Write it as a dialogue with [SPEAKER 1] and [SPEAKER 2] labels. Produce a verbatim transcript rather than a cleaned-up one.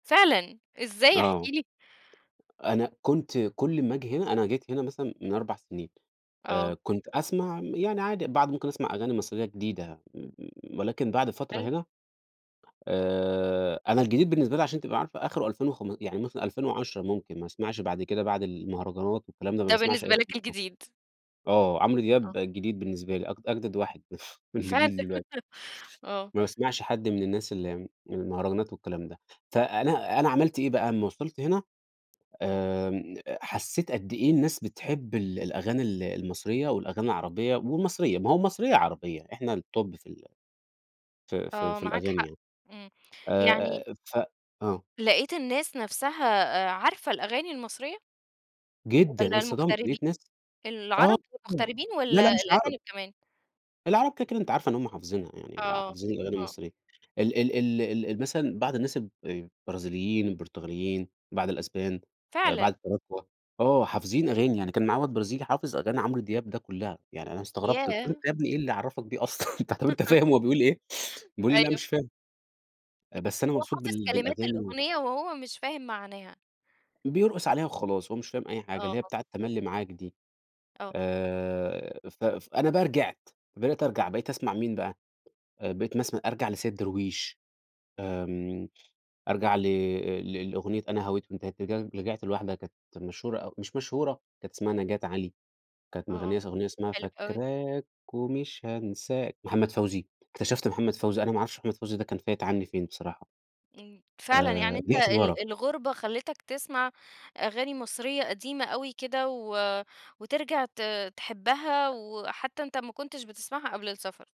[SPEAKER 1] فعلًا! إزاي احكِ
[SPEAKER 2] آه،
[SPEAKER 1] لي.
[SPEAKER 2] أنا كنت كُلّ ما آجي هنا أنا جيت هنا مثلًا من أربع سنين
[SPEAKER 1] آه.
[SPEAKER 2] آآ، كنت أسمع م يعني عادي بعض ممكن أسمع أغاني مصرية جديدة، م ولكن بعد فترة
[SPEAKER 1] حلو.
[SPEAKER 2] هنا آآ، أنا الجديد بالنسبة لي عشان تبقى عارفة آخره ألفين وخم يعني مثلًا ألفين وعشرة ممكن ما أسمعش بعد كده، بعد المهرجانات والكلام ده ما
[SPEAKER 1] ده
[SPEAKER 2] باسمعش
[SPEAKER 1] بالنسبة
[SPEAKER 2] أي
[SPEAKER 1] لك
[SPEAKER 2] حاجة خالص،
[SPEAKER 1] الجديد.
[SPEAKER 2] آه، عمرو دياب
[SPEAKER 1] آه.
[SPEAKER 2] جديد بالنسبة لي أج أجدد واحد من
[SPEAKER 1] ف
[SPEAKER 2] جيْل دلوقتي.
[SPEAKER 1] آه.
[SPEAKER 2] ما باسمعش حد من الناس اللي من المهرجانات والكلام ده، فأنا أنا عملت إيه بقى، امّا وصلت هنا آمم، أ حسيت قدّ إيه الناس بتحب ال الأغاني ال المصرية والأغاني العربية والمصرية، ما هو المصرية عربية إحنا الtop في ال في في
[SPEAKER 1] آه
[SPEAKER 2] في
[SPEAKER 1] معاك
[SPEAKER 2] الأغاني
[SPEAKER 1] حق،
[SPEAKER 2] يعني.
[SPEAKER 1] إمم،
[SPEAKER 2] آآ،
[SPEAKER 1] يعني
[SPEAKER 2] أ أ ف آه.
[SPEAKER 1] لقيت الناس نَفسها آآ، عارفة الأغاني المصرية؟
[SPEAKER 2] جدًا، انا
[SPEAKER 1] والّا
[SPEAKER 2] اتصدمت
[SPEAKER 1] المغتربي
[SPEAKER 2] لقيت ناس آه،
[SPEAKER 1] العرب، المغتربين
[SPEAKER 2] لا
[SPEAKER 1] والّا
[SPEAKER 2] لأ مش عرب.
[SPEAKER 1] الأجانب كمان؟
[SPEAKER 2] العرب كده كده، أنتِ عارفة إن هُم حافظينها يعني،
[SPEAKER 1] آه،
[SPEAKER 2] حافظين الأغاني
[SPEAKER 1] آه.
[SPEAKER 2] المصرية، ال ال ال ال مثلًا بعض الناس الب البرازيليين، البرتغاليين، بعض الأسبان، آآ، بعض
[SPEAKER 1] فعلًا!
[SPEAKER 2] التراكوة، آه حافظين أغاني، يعني كان معايا واد برازيلي حافظ أغاني عمرو دياب ده كلّها، يعني أنا استغرت قلت له:
[SPEAKER 1] ياه!
[SPEAKER 2] "أنت يا ابني إيه اللي عرفك بيه أصلًا؟! طب أنت فاهم هو بيقول إيه؟" بيقول لي: "لأ،
[SPEAKER 1] أيوه.
[SPEAKER 2] مش فاهم.". آآ،
[SPEAKER 1] [unintelligible]
[SPEAKER 2] "بس أنا
[SPEAKER 1] هو
[SPEAKER 2] مبسوط
[SPEAKER 1] حافظ
[SPEAKER 2] بال
[SPEAKER 1] كلمات
[SPEAKER 2] بالأغاني و"
[SPEAKER 1] الأغنية وهو مش فاهم معناها.
[SPEAKER 2] بيرقص عليها وخلاص هو مش فاهم أي حاجة،
[SPEAKER 1] آه.
[SPEAKER 2] اللي هي بتاعة تملي معاك دي.
[SPEAKER 1] آه.
[SPEAKER 2] آآ، ف ف أنا بقى رجعت، بدأت أرجع، بقيت أسمع مين بقى، آآ، بقيت مث أرجع لسيد درويش آمم، أرجع ل ل لأغنية أنا هويت وانتهيت رج رجعت لواحدة كانت مشهورة أو مش مشهورة كانت اسمها نجاة علي، كانت
[SPEAKER 1] آه،
[SPEAKER 2] مِغنية س أغنية اسمها
[SPEAKER 1] حلو أوي.
[SPEAKER 2] فاكراك ومش هانساك، محمد فوزي، اكتشفت محمد فوزي، أنا ما عرفش محمد فوزي ده كان فايت عني فين بصراحة،
[SPEAKER 1] آمم، فعلًا يعني
[SPEAKER 2] آآ،
[SPEAKER 1] أنت
[SPEAKER 2] رجعت لورا.
[SPEAKER 1] ال الغربة خلِّتك تسمع أغاني مصرية قديمة أوي كده و وترجع ت تحبها وحتى أنت ما كنتش بتسمعها قبل السفر.